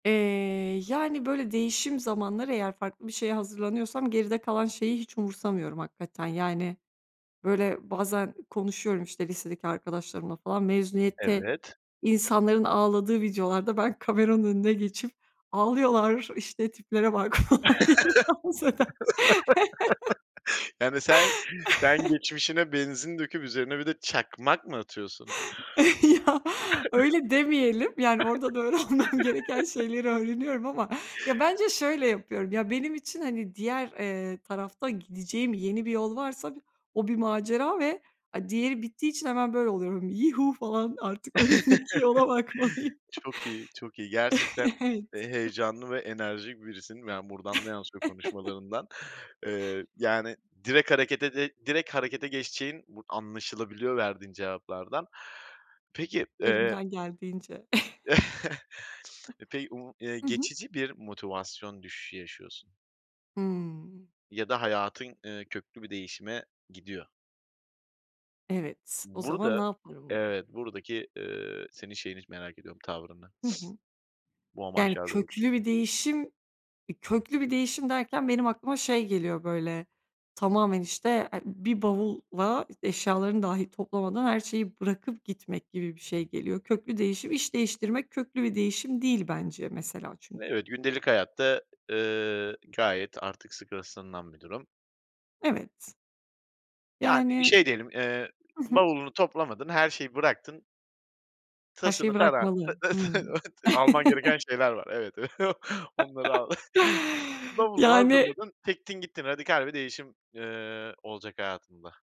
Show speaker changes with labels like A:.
A: Eee, yani, böyle, değişim zamanları eğer farklı bir şeye hazırlanıyorsam geride kalan şeyi hiç umursamıyorum hakikaten, yani, böyle, bazen konuşuyorum, işte, lisedeki arkadaşlarımla falan, mezuniyette
B: Evet.
A: insanların ağladığı videolarda ben kameranın önüne geçip, "Ağlıyorlar, işte, tiplere bak." falan diye insan [unintelligible]
B: Yani, sen sen geçmişine benzin döküp üzerine bir de çakmak mı atıyorsun?
A: Ya, öyle demeyelim, yani, orada da öğrenmem gereken şeyleri öğreniyorum ama, ya, bence şöyle yapıyorum: Ya, benim için, hani, diğer, eee, tarafta gideceğim yeni bir yol varsa bir o bir macera ve, a diğeri bittiği için hemen böyle oluyorum, "Yihu" falan. Artık önümdeki yola bakmalıyım.
B: Çok iyi, çok iyi gerçekten,
A: Evet.
B: eee, heyecanlı ve enerjik birisin. Ya, buradan da yansıyor konuşmalarından, eee, yani, direkt harekete de direkt harekete geçeceğin bur anlaşılabiliyor verdiğin cevaplardan. Peki, eee
A: Elimden geldiğince.
B: Eee, pey u eee,
A: Hı hı.
B: geçici bir motivasyon düşüşü yaşıyorsun.
A: Hımm.
B: Ya da hayatın, eee, köklü bir değişime gidiyor.
A: Evet. O zaman ne
B: Burada
A: yaparım mı?
B: Evet. Buradaki, eee, senin şeyini z merak ediyorum, tavrını.
A: Hı hı.
B: Bu
A: Yani,
B: amaçlar doğrultusu
A: köklü bir değişim eee, köklü bir değişim derken benim aklıma şey geliyor, böyle, tamamen, işte, eee, bir bavulla eşyalarını dahi toplamadan her şeyi bırakıp gitmek gibi bir şey geliyor. Köklü değişim, iş değiştirmek köklü bir değişim değil bence mesela çünkü.
B: Evet, gündelik hayatta, eee, gayet artık sık rastlanılan bir durum.
A: Evet.
B: Yani, i
A: Yani,
B: şey diyelim, eee,
A: hı hı.
B: bavulunu toplamadın, her şeyi bıraktın
A: Her şeyi
B: Tasını tarağı
A: bırakmalı, hımm.
B: Alman gereken şeyler var, evet, onları al. Bavulunu
A: Yani
B: hazırladın, çektin gittin, radikal bir değişim, eee, olacak hayatında.